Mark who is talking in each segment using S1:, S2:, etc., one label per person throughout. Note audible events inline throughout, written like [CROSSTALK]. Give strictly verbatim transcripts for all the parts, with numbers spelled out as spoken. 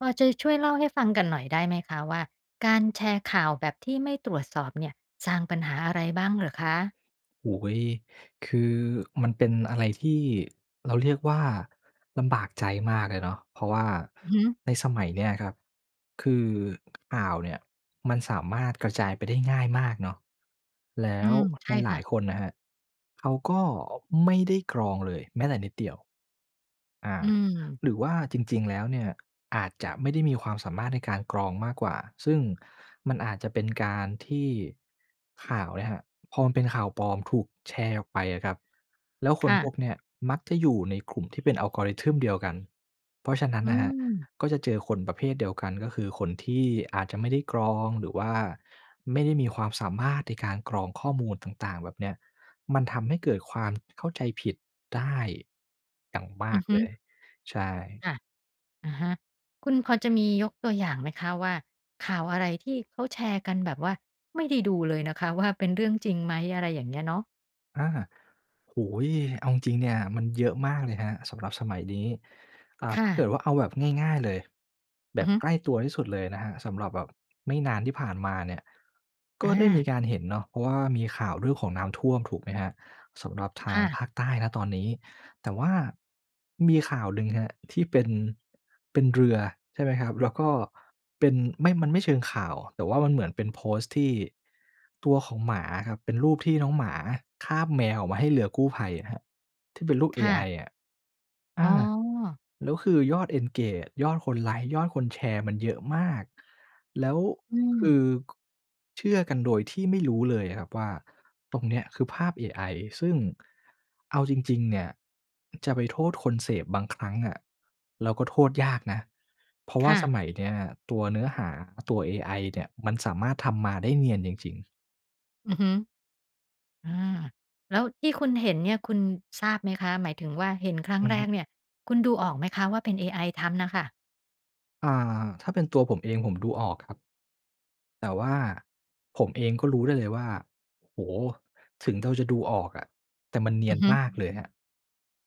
S1: พอจะช่วยเล่าให้ฟังกันหน่อยได้ไหมคะว่า การแชร์ข่าวแบบที่ไม่ตรวจสอบเนี่ย สร้างปัญหาอะไรบ้างเหรอคะ?
S2: โอ้โฮ คือ มันเป็นอะไรที่ เราเรียกว่า ลำบากใจมากเลยเนาะ เพราะว่า
S1: อือฮึ
S2: ในสมัยเนี้ยครับ คือข่าวเนี่ย มันสามารถกระจายไปได้ง่ายมากเนาะ แล้
S1: อื
S2: ว
S1: ม ใช่
S2: หล
S1: ค
S2: า
S1: ่
S2: ย
S1: ะ
S2: ๆ คนนะครับ เขาก็ไม่ได้กรองเลยแม้แต่นิดเดียว อ่า
S1: อืม
S2: หรือว่าจริง ๆ แล้วเนี่ย อาจจะไม่ได้มีความสามารถในการกรองมากกว่า ซึ่งมันอาจจะเป็นการที่ข่าวเนี่ยครับ พอมันเป็นข่าวปลอมถูกแชร์ออกไปอะครับ แล้วค
S1: ค
S2: น
S1: ่
S2: พ
S1: ะ
S2: วกเนี้ยมักจะอยู่ในกลุ่มที่เป็น algorithm เดียวกัน เพราะฉะนั้น
S1: อื
S2: น่ะครับ
S1: ม
S2: ก็จะเจอคนประเภทเดียวกัน ก็คือคนที่อาจจะไม่ได้กรอง หรือว่าไม่ได้มีความสามารถในการกรองข้อมูลต่าง ๆ แบบเนี้ย มันทำให้เกิดความเข้าใจผิดได้อย่างม
S1: อ
S2: า
S1: ือ
S2: ก
S1: ฮึ
S2: เลย ใช่
S1: ค่ะ อะฮะ คุณพอจะมียกตัวอย่างไหมคะว่า ข่าวอะไรที่เขาแชร์กันแบบว่าไม่ได้ดูเลยนะคะว่า เป็นเรื่องจริงไหม? อะไรอย่างเงี้ยเนาะ
S2: อา โอ้โฮ! เอาจริงเนี่ย มันเยอะมากเลยครับ สำหรับสมัยนี้ อา
S1: ค
S2: ถ
S1: ่
S2: ้าเก
S1: ะ
S2: ิดว่าเอาแบบง่าย ๆ เลย แบ
S1: อือ
S2: บ
S1: ฮึ
S2: ใกล้ตัวที่สุดเลยนะครับ สำหรับแบบไม่นานที่ผ่านมาเนี่ย ก็
S1: อ
S2: ได้มี
S1: า
S2: การเห็นเนาะ เพราะว่ามีข่าวเรื่องของน้ำท่วมถูกไหมครับ? สำหรับท
S1: ค
S2: าง
S1: ่ะ
S2: ภาคใต้ ณ ตอนนี้ แต่ว่ามีข่าวลึง ครับ ที่เป็น เป็นเรือใช่ไหมครับ? แล้วก็เป็น ไม่ มันไม่เชิงข่าว แต่ว่ามันเหมือนเป็นโพสต์ที่ตัวของหมาอะครับ เป็นรูปที่น้องหมาคาบแมวออกมาให้เรือกู้ภัยครับ ที่เป็นรูปเอ
S1: ค่
S2: ไอ
S1: ะ
S2: อะ อ
S1: อ๋
S2: า
S1: อ
S2: แล้วคือยอด engage ยอดคนไลก์ ยอดคนแชร์ มันเยอะมาก แล้ว
S1: อื
S2: ค
S1: ม
S2: ือ เชื่อกันโดยที่ไม่รู้เลยอะครับว่า ตรงเนี้ยคือภาพเอไอ ซึ่งเอาจริง ๆ เนี่ย จะไปโทษคนเสพบางครั้งอะ เราก็โทษยากนะ เพราะว
S1: ค
S2: ่า
S1: ่ะ
S2: สมัยเนี้ยตัวเนื้อหา ตัวเอไอเนี่ย มันสามารถทำมาได้เนียนจริง ๆ
S1: อือฮึ อา แล้วที่คุณเห็นเนี่ยคุณทราบไหมคะ หมายถึงว่าเห็นครั้ง
S2: อือ
S1: แร
S2: ฮึ
S1: กเนี่ย คุณดูออกไหมคะว่าเป็นเอไอทำน่ะค่ะ?
S2: อา ถ้าเป็นตัวผมเอง ผมดูออกครับ แต่ว่า ผมเองก็รู้ได้เลยว่า โอ้โฮ! ถึงเราจะดูออกอะ แต่มันเนี
S1: อ
S2: ย
S1: ือ
S2: น
S1: ฮึ
S2: มากเลยครับ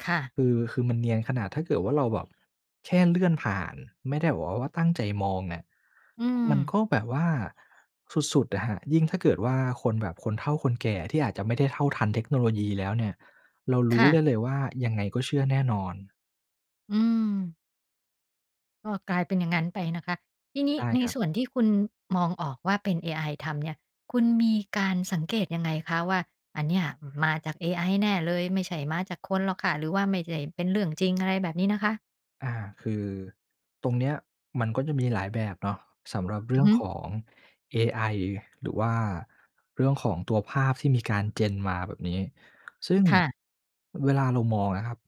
S1: ค่ะ
S2: คือ คือมันเนียน ขนาดถ้าเกิดว่าเราแบบแค่เลื่อนผ่าน ไม่ได้แบบว่าตั้งใจมองเนี่ย
S1: อื
S2: มันก
S1: ม
S2: ็แบบว่า สุด ๆ อะครับ ยิ่งถ้าเกิดว่าคนแบบคนเฒ่าคนแก่ ที่อาจจะไม่ได้เท่าทันเทคโนโลยีแล้วเนี่ย เราร
S1: ค
S2: ู้
S1: ่
S2: ได
S1: ะ
S2: ้เลยว่า ยังไงก็เชื่อแน่นอน
S1: อืม ก็กลายเป็นอย่างงั้นไปนะคะ ทีนี
S2: ใ
S1: ้
S2: ช่
S1: ใน
S2: ครับ
S1: ส่วนที่คุณมองออกว่าเป็นเอไอทำเนี่ย คุณมีการสังเกตุยังไงคะ? ว่าอันเนี่ยมาจากเอไอแน่เลย ไม่ใช่มาจากคนหรอกค่ะ? หรือว่าไม่ใช่เป็นเรื่องจริง? อะไรแบบนี้นะคะ
S2: อา คือตรงเนี้ย มันก็จะมีหลายแบบเนาะ สำหรับเรื
S1: อื
S2: ่
S1: อ
S2: อง
S1: ฮ
S2: ข
S1: ึ
S2: องเอไอ หรือว่าเรื่องของตัวภาพที่มีการ Gen มาแบบนี้ ซึ่ง
S1: ค่ะ
S2: เวลาเรามองอะครับ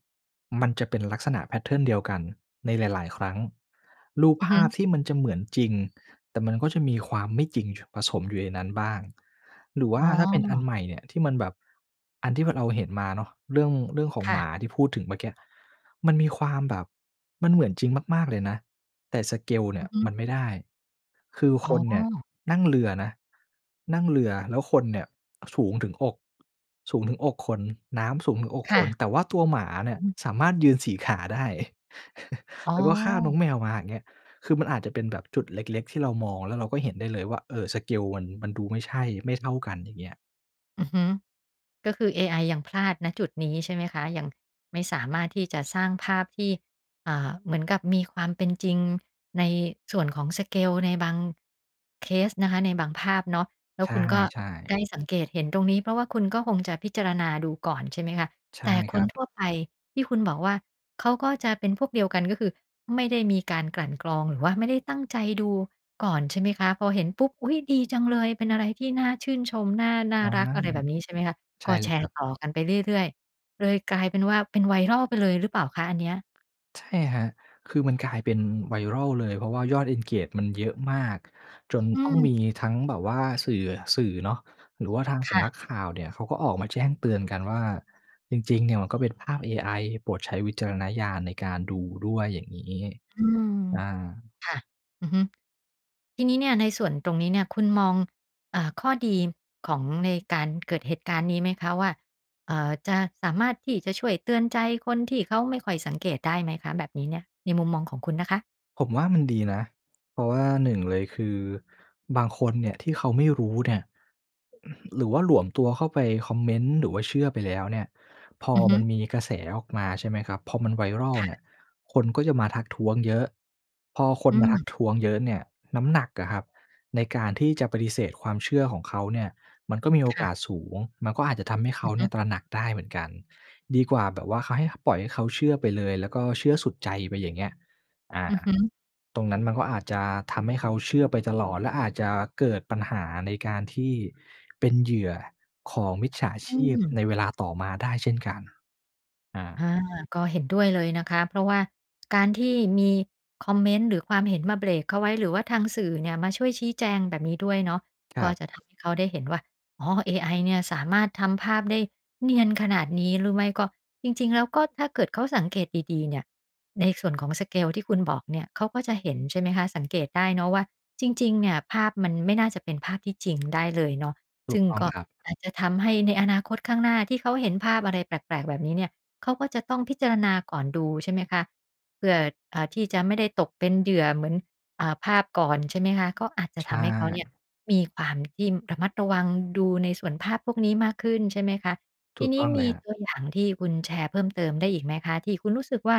S2: มันจะเป็นลักษณะ แพตเทิร์น เดียวกัน ในหลาย ๆ ครั้ง รูป
S1: อือ
S2: ภ
S1: ฮึ
S2: าพที่มันจะเหมือนจริง แต่มันก็จะมีความไม่จริง ช ผสมอยู่ในนั้นบ้าง หรือว
S1: อ
S2: ่
S1: ๋
S2: า
S1: อ
S2: ถ้าเป็นอันใหม่เนี่ย ที่มันแบบ อันที่มันเอา เห็นมาเนาะ เรื่อง เรื่องของ
S1: ค่
S2: ห
S1: ะ
S2: มาที่พูดถึงเมื่อกี้ มันมีความแบบ มันเหมือนจริงมาก ๆ เลยนะ แต่ สเกล เนี
S1: อ
S2: ่
S1: ื
S2: ย
S1: อฮ
S2: ม
S1: ึ
S2: ันไม่ได้ คือ
S1: อ๋
S2: คนเนี่ย
S1: อ
S2: นั่งเรือนะ นั่งเรือ แล้วคนเนี่ยสูงถึงอก สูงถึงอกคน น้ำสูงถึงอก
S1: ค
S2: ค
S1: ่ะ
S2: น แต่ว่าตัวหมาเนี
S1: อ
S2: ่
S1: ื
S2: ย
S1: อฮึ
S2: สามารถยืน สี ขา ได้
S1: อ
S2: [CHUCKLES]
S1: ๋
S2: แล
S1: อ
S2: ้วก็คาบน้องแมวมาอย่างเงี้ย คือมันอาจจะเป็นแบบจุดเล็ก ๆ ที่เรามอง แล้วเราก็เห็นได้เลยว่า เออ สเกล มัน มันดูไม่ใช่ ไม่เท่ากัน อย่างเงี้ย
S1: อือฮึ ก็คือเอไอยังพลาด ณ จุดนี้ใช่ไหมคะ? ยังไม่สามารถที่จะสร้างภาพที่ อ่า เหมือนกับมีความเป็นจริง ในส่วนของ สเกล ในบาง เคสนะคะ ในบางภาพเนาะ แล้
S2: ใ
S1: วคุณก็
S2: ช่ ๆ
S1: ได้สังเกตเห็นตรงนี้ เพราะว่าคุณก็คงจะพิจารณาดูก่อน ใช่ไหมคะ
S2: ใช
S1: แ
S2: ่
S1: ต่
S2: ค
S1: ค
S2: ร
S1: น
S2: ั
S1: ท
S2: บ
S1: ั่วไปที่คุณบอกว่า เขาก็จะเป็นพวกเดียวกัน ก็คือไม่ได้มีการกลั่นกรอง หรือว่าไม่ได้ตั้งใจดูก่อนใช่ไหมคะ? พอเห็นปุ๊บ อุ๊ย ดีจังเลย เป็นอะไรที่น่าชื่นชม น่า น่
S2: อ
S1: า
S2: า
S1: รัก อะไรแบบนี้ ใช่ไหมคะ
S2: ใช
S1: ก
S2: ่
S1: ็
S2: เล
S1: แช
S2: ยค
S1: ร
S2: ร
S1: ์
S2: ับ
S1: ต่อกันไปเรื่อย ๆ เลยกลายเป็นว่าเป็น viral ไปเลยหรือเปล่าคะอันเนี้ย?
S2: ใช่ครับ คือมันกลายเป็น viral เลย เพราะว่ายอด engage มันเยอะมาก จน
S1: อื
S2: ต้อง
S1: ม
S2: มีทั้งแบบว่า สื่อ สื่อเนาะ หรือว่าทาง
S1: ค
S2: ส
S1: ่
S2: ำนั
S1: ะ
S2: กข่าวเนี่ย เขาก็ออกมาแจ้งเตือนกันว่า จริง ๆ เนี่ยมันก็เป็นภาพเอไอ โปรดใช้วิจารณญาณในการดูด้วย อย่างงี้
S1: อืม
S2: อา
S1: ค่ะ อือฮึ ที่นี้เนี่ย ในส่วนตรงนี้เนี่ยคุณมอง เอ่อ ข้อดีของในการเกิดเหตุการณ์นี้ไหมคะว่า เอ่อ จะสามารถที่จะช่วยเตือนใจคนที่เขาไม่ค่อยสังเกตได้ไหมคะแบบนี้เนี่ย? ในมุมมองของคุณนะคะ
S2: ผมว่ามันดีนะ เพราะว่า หนึ่ง เลยคือ บางคนเนี่ยที่เขาไม่รู้เนี่ย [CLEARS THROAT] หรือว่าหลวมตัวเข้าไปคอมเมนต์ หรือว่าเชื่อไปแล้วเนี่ย พอ
S1: อือฮ
S2: ม
S1: ึ
S2: ันมีกระแสออกมา ใช่ไหมครับ พอมัน viral
S1: ค่
S2: เนี่
S1: ะ
S2: ย คนก็จะมาทักท้วงเยอะ พอคน
S1: อื
S2: มาทัก
S1: ม
S2: ท้วงเยอะเนี่ย น้ำหนักอะครับ ในการที่จะปฏิเสธความเชื่อของเขาเนี่ย มันก็มีโอ
S1: ค่
S2: ก
S1: ะ
S2: าสสูง มันก็อาจจะทำให้เข
S1: อื
S2: า
S1: อ
S2: เ
S1: ฮ
S2: นี
S1: ึ
S2: ่ย ตระหนักได้เหมือนกัน ดีกว่าแบบว่าเขาให้ ปล่อยให้เขาเชื่อไปเลย แล้วก็เชื่อสุดใจไปอย่างเงี้ย อ่า
S1: อือฮึ
S2: ตรงนั้นมันก็อาจจะทำให้เขาเชื่อไปตลอด และอาจจะเกิดปัญหาในการที่เป็นเหยื่อของมิจฉา
S1: อ
S2: ช
S1: ื
S2: ีพใ
S1: ม
S2: นเวลาต่อมาได้เช่นกัน อ
S1: อ
S2: า
S1: า ก็เห็นด้วยเลยนะคะ เพราะว่าการที่มีคอมเมนต์ หรือความเห็นมาเบรกเขาไว้ หรือว่าทางสื่อเนี่ย มาช่วยชี้แจงแบบนี้ด้วยเนาะ
S2: คร
S1: ก็
S2: ับ
S1: จะทำให้เขาได้เห็นว่า อ๋อ เอไอเนี่ยสามารถทำภาพได้เนียนขนาดนี้ หรือไม่ก็ จริง ๆ แล้ว ก็ถ้าเกิดเขาสังเกตดี ๆ เนี่ย ในส่วนของ สเกล ที่คุณบอกเนี่ย เขาก็จะเห็น ใช่ไหมคะ สังเกตได้เนาะว่า จริง ๆ เนี่ย ภาพมันไม่น่าจะเป็นภาพที่จริง ได้เลยเนาะ
S2: ถ
S1: ซ
S2: ู
S1: ึ
S2: ก
S1: ่ง
S2: ต้อง
S1: ก็
S2: ครับ
S1: อาจจะทำให้ในอนาคตข้างหน้าที่เขาเห็นภาพอะไรแปลก ๆ แบบนี้เนี่ย เขาก็จะต้องพิจารณาก่อนดู ใช่ไหมคะ เผื่อ อ่า ที่จะไม่ได้ตกเป็นเหยื่อ เหมือน อ่า ภาพก่อน ใช่ไหมคะ ก็อาจจะ
S2: ใช
S1: ทำให้เขาเนี่
S2: ่
S1: ย มีความที่ระมัดระวังดูในส่วนภาพพวกนี้มากขึ้น ใช่ไหมคะ
S2: ถ
S1: ท
S2: ู
S1: ี
S2: ก
S1: น
S2: ต
S1: ี
S2: ้
S1: ้
S2: องเล
S1: ม
S2: ย
S1: ี
S2: ครับ
S1: ตัวอย่างที่คุณแชร์เพิ่มเติมได้อีกไหมคะ? ที่คุณรู้สึกว่า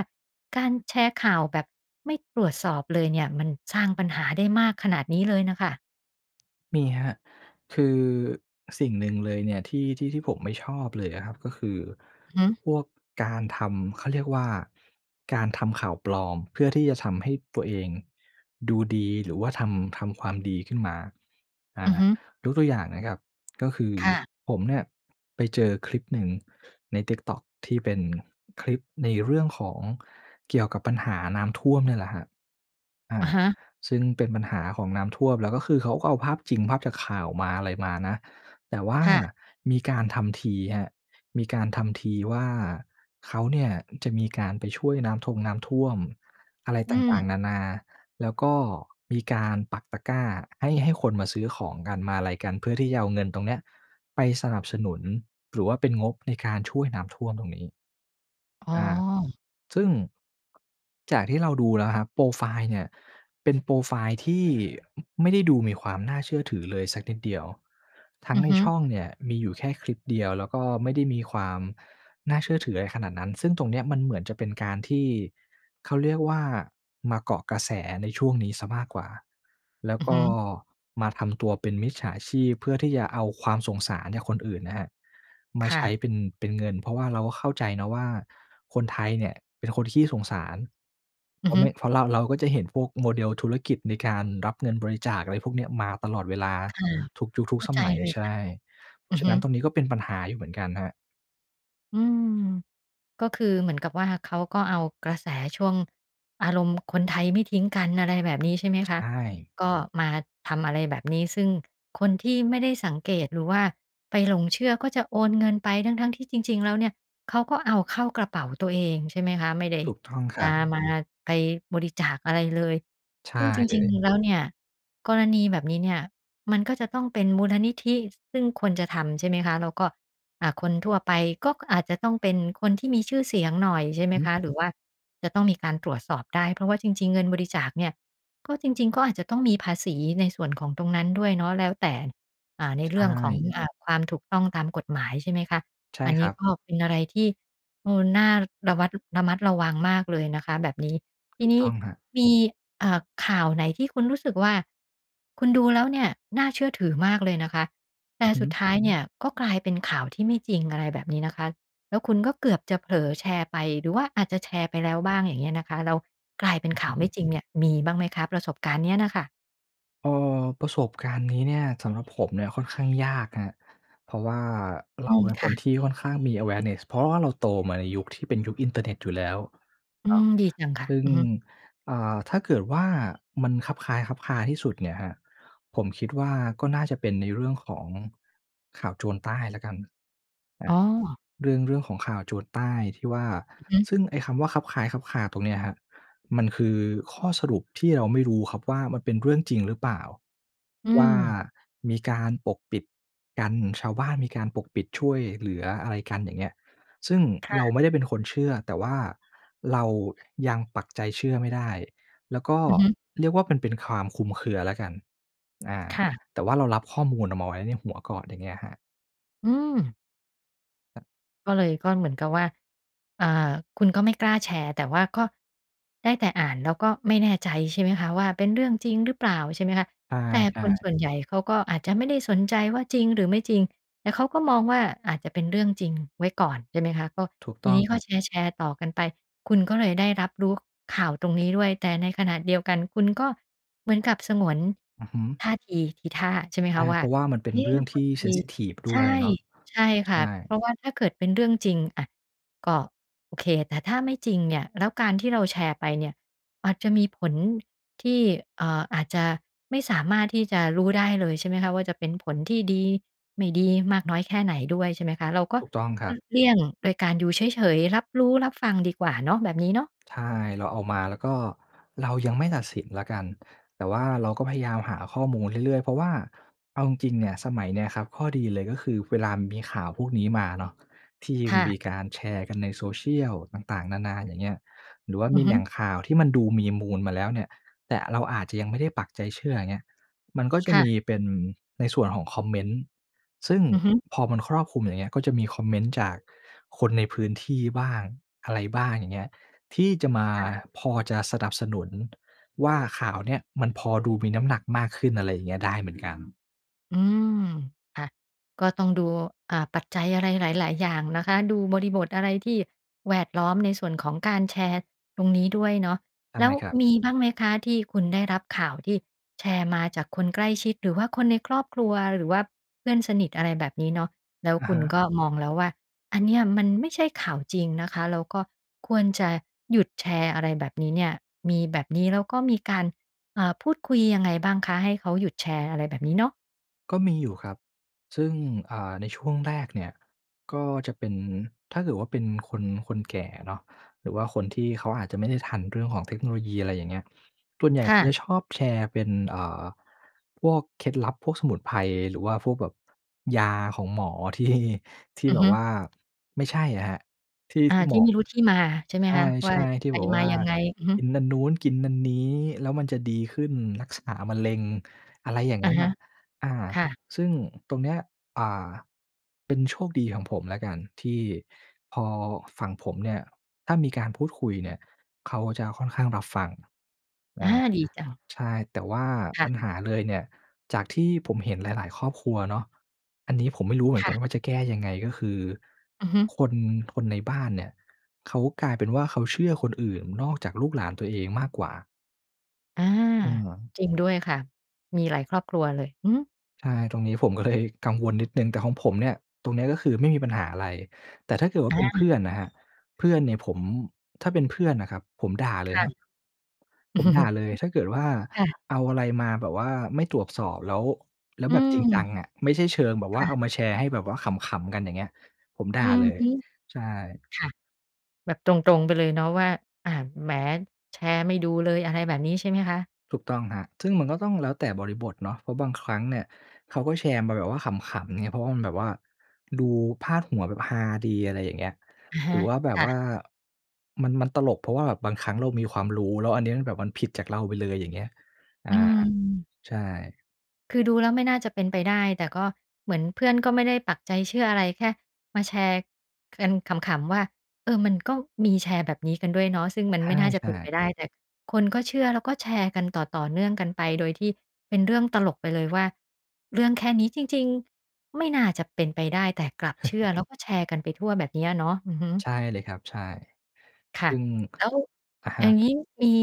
S1: การแชร์ข่าวแบบไม่ตรวจสอบเลยเนี่ย มันสร้างปัญหาได้มากขนาดนี้เลยน่ะค่ะ
S2: มีครับ คือสิ่งหนึ่งเลยเนี่ย ที่ ที่ ที่ผมไม่ชอบเลยอะครับ ก็คือ
S1: อือฮึ
S2: พวกการทำ เขาเรียกว่า การทำข่าวปลอม เพื่อที่จะทำให้ตัวเองดูดี หรือว่าทำ ทำความดีขึ้นมา อา
S1: อือฮึ
S2: ยกตัวอย่างนะครับ ก็คือ
S1: ค่ะ
S2: ผมเนี่ย ไปเจอคลิปหนึ่งใน TikTok ที่เป็นคลิปในเรื่องของเกี่ยวกับปัญหาน้ำท่วมเนี่ยแหละครับ อา
S1: อะฮะ
S2: ซึ่งเป็นปัญหาของน้ำท่วม แล้วก็คือ เขาก็เอาภาพจริงภาพจากข่าวมา อะไรมานะ แต่ว่า
S1: ค่ะ
S2: มีการทำทีครับ มีการทำทีว่าเขาเนี่ย จะมีการไปช่วยน้ำทงน้ำท่วมอะไร
S1: อ
S2: ต
S1: ื
S2: ่า
S1: ม
S2: ง ๆ นานา แล้วก็มีการปักตะกร้าให้ ให้คนมาซื้อของกัน มาอะไรกัน เพื่อที่จะเอาเงินตรงเนี้ย ไปสนับสนุน หรือว่าเป็นงบในการช่วยน้ำท่วมตรงนี้
S1: อ๋
S2: อา
S1: อ
S2: ซึ่ง จากที่เราดูแล้วครับ โพรไฟล์เนี่ย เป็นโพรไฟล์ที่ไม่ได้ดูมีความน่าเชื่อถือเลยสักนิดเดียว ทั้
S1: อ
S2: ง
S1: ือ
S2: ใน
S1: ฮึ
S2: ช่องเนี่ยมีอยู่แค่คลิปเดียว แล้วก็ไม่ได้มีความน่าเชื่อถืออะไรขนาดนั้น ซึ่งตรงเนี้ย มันเหมือนจะเป็นการที่เขาเรียกว่า มาเกาะกระแสในช่วงนี้เสียมากกว่า แล้ว
S1: อือ
S2: ก
S1: ฮ
S2: ็
S1: ึ
S2: มาทำตัวเป็นมิจฉาชีพ เพื่อที่จะเอาความสงสารจากคนอื่นนะครับ มา
S1: ค่
S2: ใช้
S1: ะ
S2: เป็น เป็นเงิน เพราะว่าเราก็เข้าใจนะว่า คนไทยเนี่ยเป็นคนขี้สงสาร เ
S1: อ
S2: พ
S1: ื
S2: ร
S1: อ
S2: าะ
S1: ฮ
S2: เ
S1: ึ
S2: นี่ย เพราะเรา เราก็จะเห็นพวก model ธุรกิจในการรับเงินบริจาค อะไรพวกเนี้ย มาตลอดเวลา
S1: ค่ะ
S2: ทุกยุค ทุ
S1: เ
S2: ก
S1: ข้า
S2: ส
S1: ใจ
S2: มัย
S1: เลย
S2: ใช
S1: ค่
S2: ่
S1: ะ
S2: เพร
S1: อ
S2: า
S1: ื
S2: ะฉ
S1: อ
S2: ะ
S1: ฮ
S2: นั
S1: ึ
S2: ้นตรงนี้ก็เป็นปัญหาอยู่เหมือนกันครับ
S1: อืม ก็คือเหมือนกับว่า เขาก็เอากระแสช่วงอารมณ์คนไทยไม่ทิ้งกัน อะไรแบบนี้ ใช่ไหม
S2: ใช
S1: คะ
S2: ่
S1: ก็มาทำอะไรแบบนี้ ซึ่งคนที่ไม่ได้สังเกต หรือว่าไปหลงเชื่อก็จะโอนเงินไป ทั้ง ๆ ที่จริง ๆ แล้วเนี่ย เขาก็เอาเข้ากระเป๋าตัวเอง ใช่ไหมคะ ไม่ได้
S2: ถูกต้องค
S1: จ
S2: รั
S1: ะ
S2: บ
S1: มา ไปบริจาคอะไรเลย
S2: ใช
S1: ซ
S2: ่
S1: ึ่งจ
S2: เล
S1: ริง
S2: ย
S1: ๆ แล้วเนี่ย กรณีแบบนี้เนี่ยมันก็จะต้องเป็นมูลนิธิ ซึ่งควรจะทำ ใช่ไหมคะ แล้วก็ อ่า คนทั่วไปก็อาจจะต้องเป็นคนที่มีชื่อเสียงหน่อย ใช่ไห
S2: อ
S1: ม
S2: ื
S1: ค
S2: อ
S1: ะ หรือว่าจะต้องมีการตรวจสอบได้ เพราะว่าจริง ๆ เงินบริจาคเนี่ย ก็จริง ๆ ก็อาจจะต้องมีภาษีในส่วนของตรงนั้นด้วยเนาะ แล้วแต่ อ่า ใน
S2: ใช
S1: เรื่องของ
S2: ่
S1: อ่า ความถูกต้องตามกฎหมาย ใช่ไหมคะ
S2: ใช่
S1: อัน
S2: ค
S1: นี
S2: ร
S1: ้
S2: ับ
S1: ก็เป็นอะไรที่ เออ น่าระวัด ระมัดระวังมากเลยนะคะแบบนี้ ท
S2: ถ
S1: ี
S2: ูก
S1: นี
S2: ต
S1: ้
S2: ้องครับ
S1: มี อ่า ข่าวไหนที่คุณรู้สึกว่า คุณดูแล้วเนี่ยน่าเชื่อถือมากเลยนะคะ แต
S2: อื
S1: ่
S2: อฮึ
S1: สุดท้ายเนี่ยก็กลายเป็นข่าวที่ไม่จริง อะไรแบบนี้นะคะ แล้วคุณก็เกือบจะเผลอแชร์ไป หรือว่าอาจจะแชร์ไปแล้วบ้าง อย่างเงี้ยนะคะ แล้วกลายเป็นข่
S2: อ
S1: า
S2: ื
S1: ว
S2: อ
S1: ไ
S2: ฮ
S1: ม่
S2: ึ
S1: จริงเนี่ย มีบ้างไหมคะ? ประสบการณ์เนี้ยน่ะค่ะ
S2: เออ ประสบการณ์นี้เนี่ย สำหรับผมเนี่ยค่อนข้างยากครับ เพราะว่า เ
S1: อ
S2: ร
S1: ื
S2: า
S1: ม
S2: เป็น
S1: ค
S2: ค
S1: ่
S2: น
S1: ะ
S2: ที่ค่อนข้างมี awareness เพราะว่าเราโตมาในยุคที่เป็นยุคอินเทอร์เน็ตอยู่แล้ว
S1: อื
S2: เนาะ
S1: ม ดีจังค่
S2: ซ
S1: ะ
S2: ึ่ง
S1: อือฮึ
S2: อ่า ถ้าเกิดว่ามันคลับคล้ายคลับคลาที่สุดเนี่ยครับ ผมคิดว่าก็น่าจะเป็นในเรื่องของข่าวโจรใต้แล้วกัน อ
S1: อ
S2: า
S1: ๋อ
S2: เรื่อง เรื่องของข่าวโจรใต้ที่ว่า
S1: อือฮึ
S2: ซึ่งไอ้คำว่าคลับคล้ายคลับคลาตรงเนี้ยครับ มันคือข้อสรุปที่เราไม่รู้ครับว่า มันเป็นเรื่องจริงหรือเปล่า
S1: อื
S2: ว่า
S1: ม
S2: มีการปกปิดกัน ชาวบ้านมีการปกปิดช่วยเหลืออะไรกัน อย่างเงี้ย ซึ่ง
S1: ค่
S2: เรา
S1: ะ
S2: ไม่ได้เป็นคนเชื่อ แต่ว่าเรายังปักใจเชื่อไม่ได้ แล้วก็
S1: อือฮึ
S2: เรียกว่ามันเป็นความคลุมเครือแล้วกัน อ่า
S1: ค่ะ
S2: แต่ว่าเรารับข้อมูลเอามาไว้ในหัวก่อน อย่างเงี้ยครับ
S1: อืม
S2: ครับ
S1: ก็เลย ก็เหมือนกับว่า อ่า คุณก็ไม่กล้าแชร์ แต่ว่าก็ได้แต่อ่าน แล้วก็ไม่แน่ใจ ใช่ไหมคะ ว่าเป็นเรื่องจริงหรือเปล่า ใช่ไหมคะ
S2: ใช
S1: แต่ค
S2: ่
S1: นส
S2: ๆ
S1: ่วนใหญ่เขาก็อาจจะไม่ได้สนใจว่า จริงหรือไม่จริง แต่เขาก็มองว่า อาจจะเป็นเรื่องจริงไว้ก่อน ใช่ไหมคะ ก็
S2: ถูก
S1: ท
S2: ต
S1: ี
S2: ้อง
S1: นี้
S2: ค
S1: ก็
S2: รับ
S1: แชร์ ๆ ต่อกันไป คุณก็เลยได้รับรู้ข่าวตรงนี้ด้วย แต่ในขณะเดียวกัน คุณก็เหมือนกับสงวน
S2: อือฮึ
S1: ท่าที ทีท่า ใช่ไหม
S2: ใช
S1: ค
S2: ่
S1: ะว
S2: เ
S1: ่
S2: พ
S1: า
S2: ราะว่ามันเป็
S1: เ
S2: น
S1: อ๊
S2: เ
S1: ะ
S2: รื่องท
S1: บ
S2: ี่
S1: างท
S2: เซ
S1: ี
S2: นซิทิฟ ด
S1: ใช
S2: ้
S1: ่
S2: วยเนาะ
S1: ใช่
S2: ใ
S1: ค
S2: ช
S1: ่
S2: ่
S1: ะ เพราะว่าถ้าเกิดเป็นเรื่องจริง อา ก็โอเค แต่ถ้าไม่จริงเนี่ย แล้วการที่เราแชร์ไปเนี่ย อาจจะมีผลที่ เอ่อ อาจจะไม่สามารถที่จะรู้ได้เลย ใช่ไหมคะ ว่าจะเป็นผลที่ดี ไม่ดี มากน้อยแค่ไหนด้วย ใช่ไหมคะ เราก็
S2: ถูกต้องค
S1: ห
S2: ร
S1: ล
S2: ั
S1: ี
S2: บ
S1: กเลี่ยง โดยการดูเฉย ๆ รับรู้รับฟังดีกว่าเนาะ แบบนี้เนาะ
S2: ใช่ เราเอามา แล้วก็เรายังไม่ตัดสินแล้วกัน แต่ว่าเราก็พยายามหาข้อมูลเรื่อย ๆ เพราะว่าเอาจริง ๆ เนี่ย สมัยเนี้ยครับ ข้อดีเลยก็คือเวลามันมีข่าวพวกนี้มาเนาะ ที่
S1: ค่ะ
S2: มีการแชร์กันใน social ต่าง ๆ นา ๆ อย่างเงี้ย หรือว่า
S1: อ
S2: ม
S1: ือ
S2: ี
S1: ฮ
S2: แห
S1: ึ
S2: ล่งข่าวที่มันดูมีมูลมาแล้วเนี่ย แต่เราอาจจะยังไม่ได้ปักใจเชื่อ อย่างเงี้ย มันก็จ
S1: ค
S2: ะ
S1: ่
S2: ม
S1: ะ
S2: ีเป็น ในส่วนของคอมเมนต์ ซึ่ง
S1: อือฮึ
S2: พอมันครอบคลุมอย่างเงี้ย ก็จะมีคอมเมนต์จากคนในพื้นที่บ้าง อะไรบ้าง อย่างเงี้ย ที่จะมา
S1: ค่ะ
S2: พอจะสนับสนุน ว่าข่าวเนี้ย มันพอดูมีน้ำหนักมากขึ้น อะไรอย่างเงี้ย ได้เหมือนกัน
S1: อืม ค่ะ ก็ต้องดู อ่า ปัจจัยอะไรหลาย ๆ อย่างนะคะ ดูบริบทอะไรที่แวดล้อมในส่วนของการแชร์ตรงนี้ด้วยเนาะ
S2: ใต้
S1: แล้ว
S2: ครับ
S1: มีบ้างไหมคะ? ที่คุณได้รับข่าวที่แชร์มาจากคนใกล้ชิด หรือว่าคนในครอบครัว หรือว่าเพื่อนสนิท อะไรแบบนี้เนาะ แล้ว
S2: อะ
S1: คุ
S2: ฮ
S1: ณ
S2: ะ
S1: ก็มองแล้วว่า อันเนี้ยมันไม่ใช่ข่าวจริงนะคะ แล้วก็ควรจะหยุดแชร์ อะไรแบบนี้เนี่ย มีแบบนี้ แล้วก็มีการ เอ่อ พูดคุยยังไงบ้างคะ? ให้เขาหยุดแชร์อะไรแบบนี้เนาะ
S2: ก็มี อยู่ครับ ซึ่ง อ่า ในช่วงแรกเนี่ยก็จะเป็น ถ้าเกิดว่าเป็นคน คนแก่เนาะ หรือว่าคนที่เขาอาจจะไม่ได้ทันเรื่องของเทคโนโลยี อะไรอย่างเงี้ย ส่วนใหญ่
S1: ค
S2: เข
S1: ่
S2: า
S1: ะ
S2: จะชอบแชร์เป็น เอ่อ พวกเคล็ดลับ พวกสมุนไพร หรือว่าพวกแบบยาของหมอ ที่ ที่
S1: อื
S2: แบ
S1: อฮ
S2: บ
S1: ึ
S2: ว่าไม่ใช่อะครับ ที่
S1: อา
S2: ที่ห
S1: ท
S2: ม
S1: ี่
S2: อ
S1: ไม่รู้ที่มาใช่ไห
S2: ใ
S1: มคะ? ว
S2: ช
S1: ่า
S2: ่ ๆ ที่
S1: ไป
S2: บอก
S1: ม
S2: ว
S1: า
S2: ่า
S1: ยังไง อือฮ
S2: ก
S1: ึ
S2: ินนัน นู้นกินนันนี้ แล้วมันจะดีขึ้น รักษามะเร็ง อะไรอย่าง
S1: อ
S2: ง
S1: ะ
S2: ั้น
S1: ฮ
S2: น
S1: ะ
S2: ่ะ อา
S1: ค่ะ
S2: ซึ่งตรงเนี้ย อ่า เป็นโชคดีของผมแล้วกันที่พอฝั่งผมเนี่ย ถ้ามีการพูดคุยเนี่ย เขาจะค่อนข้างรับฟัง อ
S1: อ
S2: ่า
S1: า ดีจัง
S2: ใช่ แต่ว่า
S1: ค่
S2: ปั
S1: ะ
S2: ญหาเลยเนี่ย จากที่ผมเห็นหลาย ๆ ครอบครัวเนาะ อันนี้ผมไม่รู้เหมือ
S1: ค
S2: นก
S1: ่
S2: ัน
S1: ะ
S2: ว่า จะแก้ยังไง ก็คือ
S1: อือฮึ
S2: คน ทนในบ้านเนี่ย เขากลายเป็นว่า เขาเชื่อคนอื่นนอกจากลูกหลานตัวเองมากกว่า
S1: อา
S2: อือ
S1: จริงด้วยค่ะ มีหลายครอบครัวเลย อือฮึ
S2: ใช่ ตรงนี้ผมก็เลยกังวลนิดหนึ่ง แต่ของผมเนี่ย ตรงเนี้ยก็คือไม่มีปัญหาอะไร แต่ถ้าเกิดว่า
S1: อ
S2: เป็นเพ
S1: า
S2: ื่อนน่ะครับ เพื่อนเนี่ยผม ถ้าเป็นเพื่อนน่ะครับผมด่าเล
S1: ค
S2: ย
S1: ่
S2: คร
S1: ะ
S2: ับ ผมด่า
S1: [CHUCKLES]
S2: เลย ถ้าเกิดว่า
S1: ค่ะ
S2: เอาอะไรมาแบบว่าไม่ตรวจสอบ แล้ว แล้ว
S1: อื
S2: แบบจริงจ
S1: ม
S2: ังอะ ไม่ใช่เชิงแบบ
S1: ค
S2: ว่
S1: ่
S2: า
S1: ะ
S2: เอามาแชร์ให้แบบว่าขำ ๆ กัน อย่างเงี้ย ผมด
S1: อ
S2: ่
S1: ื
S2: า
S1: อ
S2: เลย
S1: ฮึ
S2: ใช่
S1: ค่ะ แบบตรง ๆ ไปเลยเนาะว่า อ่า "แหม แชร์ไม่ดูเลย" อะไรแบบนี้ใช่ไหมคะ?
S2: ถูกต้องครับ ซึ่งมันก็ต้องแล้วแต่บริบทเนาะ เพราะบางครั้งเนี่ยเขาก็แชร์มาแบบว่าขำ ๆ ไง เพราะว่ามันแบบว่าดูพาดหัวแบบฮาดี อะไรอย่างเงี้ย
S1: อะฮ
S2: หรือ
S1: ะ
S2: ว่าแบ
S1: ค
S2: บ
S1: ่
S2: ว
S1: ะ
S2: ่ามัน มันตลก เพราะว่าแบบบางครั้งเรามีความรู้ แล้วอันเนี้ยมันแบบมันผิดจากเราไปเลย อย่างเงี้ย อา
S1: อืม
S2: ใช่
S1: คือดูแล้วไม่น่าจะเป็นไปได้ แต่ก็เหมือนเพื่อนก็ไม่ได้ปักใจเชื่ออะไร แค่มาแชร์กันขำ ๆ ว่า "เออ มันก็มีแชร์แบบนี้กันด้วยเนาะ" ซึ่งมัน
S2: ใ
S1: ไม่น่าจะ
S2: ช
S1: เป
S2: ่
S1: ็นไป
S2: ๆ
S1: ได้ แต่คนก็เชื่อแล้วก็แชร์กันต่อ ๆ เนื่องกันไป โดยที่เป็นเรื่องตลกไปเลยว่า เรื่องแค่นี้จริง ๆ ไม่น่าจะเป็นไปได้แต่กลับเชื่อ แล้
S2: [CHUCKLES]
S1: วก็แชร์กันไปทั่ว แบบเนี้ยเนาะ อือฮึ
S2: ใช่เลยครับ ใช่
S1: ค่
S2: ซ
S1: ะ
S2: ึ่ง
S1: แล้ว
S2: [CLICKS TONGUE] อะฮ
S1: อย่
S2: ะ
S1: างงี้มี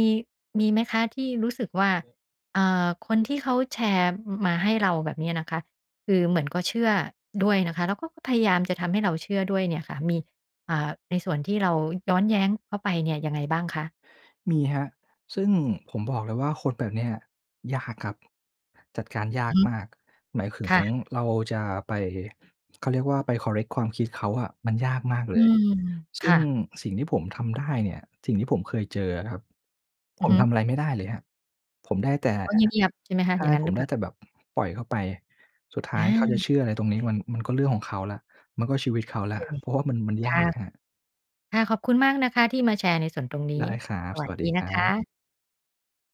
S1: มีไหมคะที่รู้สึกว่า เอ่อ คนที่เขาแชร์ ม มาให้เราแบบเนี้ยนะคะ คือเหมือนก็เชื่อด้วยนะคะ แล้วก็พยายามจะทำให้เราเชื่อด้วยเนี่ยค่ะ มี อ่า ในส่วนที่เราย้อนแย้งเขาไปเนี่ยยังไงบ้างคะ?
S2: มีครับ ซึ่งผมบอกเลยว่าคนแบบเนี้ยยากครับ จัดการยา
S1: อือ
S2: ก
S1: ฮึ
S2: มาก หมายคึ
S1: ค
S2: ง
S1: ่ะ
S2: เราจะไป เขาเรียกว่า ไป คอร์เรกต์ ความคิดเขาอะ มันยากมากเ
S1: อ
S2: ล
S1: ื
S2: ย
S1: ม
S2: ซ
S1: ค
S2: ึ่
S1: ่
S2: ง
S1: ะ
S2: สิ่งที่ผมทำได้เนี่ย สิ่งที่ผมเคยเจออะครับ
S1: อ
S2: ผ
S1: ือ
S2: ม
S1: ฮึ
S2: ทำอะไรไม่ได้เลยครับ ผมได้แต่
S1: เขาเงียบ ๆ ใช่ไหมค
S2: ใ
S1: ะ
S2: ช
S1: อย
S2: ่
S1: ่างงั้
S2: ผ
S1: นร
S2: ม
S1: ึ
S2: ไ
S1: เ
S2: ด
S1: ป
S2: ้
S1: ล่า?
S2: แต่แบบปล่อยเข้าไป สุดท้า
S1: อ
S2: ยเขาจะ
S1: า
S2: เชื่ออะไรตรงนี้ มัน มันก็เรื่องของเขาแล้ว มันก็ชีวิต
S1: โ
S2: เข
S1: อ
S2: าแล้
S1: เ
S2: ว
S1: ค
S2: เพราะว่ามัน มันย
S1: ค่
S2: า
S1: ะ
S2: กครับ
S1: ค่ะ ขอบคุณมากนะคะที่มาแชร์ในส่วนตรงน
S2: ไ
S1: ี
S2: ด
S1: ้
S2: ้ครับ
S1: สว
S2: ส
S1: ัส
S2: วัสด
S1: ด
S2: ี
S1: ี
S2: ค
S1: น
S2: ร
S1: ะ
S2: ั
S1: ค
S2: บ
S1: ะ